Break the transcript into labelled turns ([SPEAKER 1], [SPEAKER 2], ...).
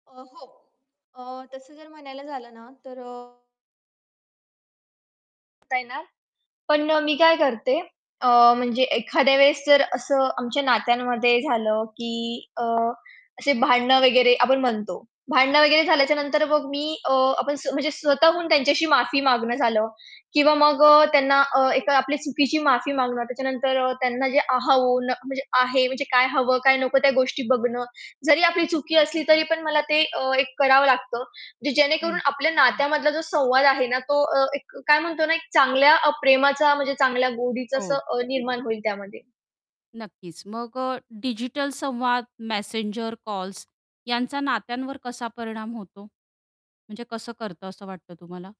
[SPEAKER 1] अ, हो अ, तसं जर म्हणायला झालं ना तर अ आता आहे ना, पण अ, मी काय करते अ, म्हणजे एखाद्या वेळेस जर असं आमच्या नात्यांमध्ये झालं की अ, असे भांडणं वगैरे आपण म्हणतो. भांडणं वगैरे झाल्याच्यानंतर मग मी अ, आपण स्व म्हणजे स्वतःहून त्यांच्याशी माफी मागणं झालं किंवा मग अ, त्यांना अ, एक आपली चुकीची माफी मागणं. त्याच्यानंतर त्यांना जे अहून, म्हणजे आहे म्हणजे काय हवं, काय नको त्या गोष्टी बघणं. जरी आपली चुकी असली तरी पण मला ते अ, एक करावं लागतं. जे जेणेकरून
[SPEAKER 2] हं.
[SPEAKER 1] आपल्या नात्यामधला जो संवाद आहे ना तो अ, एक काय म्हणतो ना, एक चांगल्या अ, प्रेमाचा म्हणजे चांगल्या गोडीचं असं
[SPEAKER 2] हो.
[SPEAKER 1] अ, निर्माण होईल त्यामध्ये.
[SPEAKER 2] नक्कीच मग अ, डिजिटल संवाद मेसेंजर, कॉल्स यांचा नात्यांवर कसा परिणाम होतो? म्हणजे कसं करतं, असं वाटतं तुम्हाला?